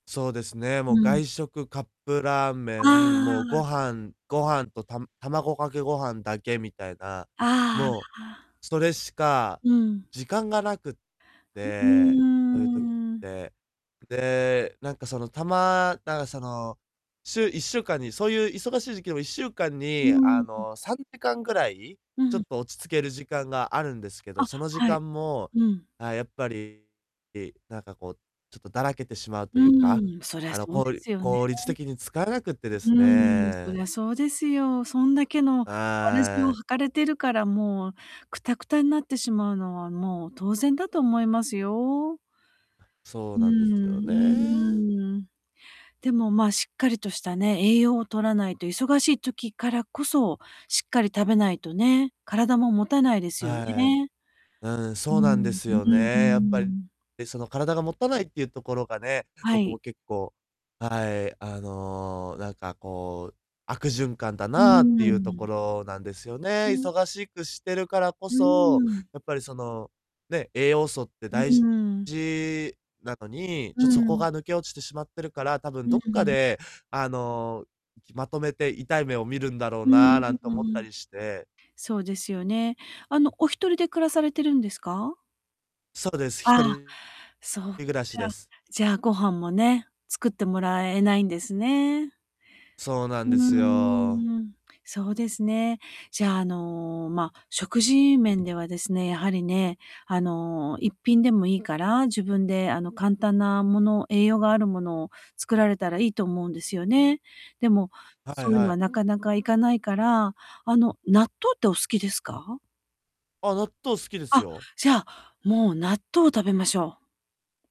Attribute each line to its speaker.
Speaker 1: そうですね。もう
Speaker 2: うん。
Speaker 1: 外食、カップラーメン、
Speaker 2: あ
Speaker 1: もう
Speaker 2: あ。
Speaker 1: ご飯ご飯とた卵かけご飯だけみたいな。
Speaker 2: あ
Speaker 1: も
Speaker 2: あああ。
Speaker 1: う、それしか
Speaker 2: うん。
Speaker 1: 時間がなくっ
Speaker 2: んう
Speaker 1: て、そういう時っ
Speaker 2: ーん。
Speaker 1: て。で、なんか、そのたまなんかその、週1週間にそういう忙しい時期でも1週間
Speaker 2: うー
Speaker 1: に、あ
Speaker 2: ん。うん。
Speaker 1: の、3時間ぐらい、
Speaker 2: う
Speaker 1: ちょっ
Speaker 2: ん。
Speaker 1: と落ち着ける時間があるんですけど、
Speaker 2: あ、
Speaker 1: その時
Speaker 2: はい。
Speaker 1: 間も、
Speaker 2: うん。
Speaker 1: あ、やっぱり。いなんかこう、ちょっとだらけてしまうと
Speaker 2: う
Speaker 1: いうか、
Speaker 2: んうん、そりゃ
Speaker 1: あの、
Speaker 2: そう
Speaker 1: こ
Speaker 2: で
Speaker 1: う
Speaker 2: すよね。
Speaker 1: 効率的に使えなくってです
Speaker 2: うん、そり
Speaker 1: ね。
Speaker 2: ゃそうですよ。そんだけの草鞋を
Speaker 1: ああい。
Speaker 2: 履かれてるからもう、くたくたになってしまうのは、もう当然だと思いますよ。
Speaker 1: そう
Speaker 2: う
Speaker 1: なんです
Speaker 2: ん、う
Speaker 1: よね。
Speaker 2: ーん。でも、ま、しっかりとしたね、栄養を摂らないと、忙しい時からこそ、しっかり食べないとね、体も持たないですよ
Speaker 1: はい。
Speaker 2: ね。
Speaker 1: うん、
Speaker 2: うー
Speaker 1: そうなんで
Speaker 2: ん、う
Speaker 1: す
Speaker 2: う
Speaker 1: よね、やっ
Speaker 2: ん、う
Speaker 1: ぱ
Speaker 2: ー
Speaker 1: り。
Speaker 2: ん。
Speaker 1: で、その体がもたないっていうところがね、
Speaker 2: は
Speaker 1: 僕
Speaker 2: い。
Speaker 1: も結構、はい、あの、なんかこう、悪循環だ
Speaker 2: うー
Speaker 1: なっていうとこ
Speaker 2: ん。
Speaker 1: ろなんですよ
Speaker 2: う
Speaker 1: ね。
Speaker 2: ん。
Speaker 1: 忙しくしてるからこ
Speaker 2: うー
Speaker 1: そ、
Speaker 2: ん。
Speaker 1: やっぱりその、ね、栄養素って
Speaker 2: う
Speaker 1: 大事
Speaker 2: うん。
Speaker 1: じなのに、
Speaker 2: う
Speaker 1: ちょっとそこ
Speaker 2: ん。
Speaker 1: が抜け落ちてしまってるから、多
Speaker 2: う
Speaker 1: 分ど
Speaker 2: ん
Speaker 1: っか
Speaker 2: うん。
Speaker 1: で、あの、いきまとめて痛い目を見るんだろう
Speaker 2: うーん、
Speaker 1: な、
Speaker 2: う
Speaker 1: なんて
Speaker 2: う
Speaker 1: 思った
Speaker 2: ん。
Speaker 1: りして。
Speaker 2: そうですよね。あの、お1人で暮らされてるんですか？
Speaker 1: そうです、ひと
Speaker 2: ああ、
Speaker 1: り
Speaker 2: そっか。
Speaker 1: り暮らしです。
Speaker 2: じゃあご飯もね、作ってもらえないんですね。
Speaker 1: そうなん
Speaker 2: うー
Speaker 1: ですよ。
Speaker 2: ん、そうですね。じゃあ、あの、ま、食事面ではですね、やはりね、あの、1品でもいいから、自分で、あの、簡単なもの、栄養があるものを作られたらいいと思うんですよね。でも、
Speaker 1: は
Speaker 2: そ
Speaker 1: い
Speaker 2: ういう
Speaker 1: は
Speaker 2: の
Speaker 1: い。
Speaker 2: はなかなか行かないから、あの、納豆ってお好きですか？
Speaker 1: あ、納豆好きです
Speaker 2: あ、
Speaker 1: よ。
Speaker 2: じゃあ、もう納豆を食べましょう。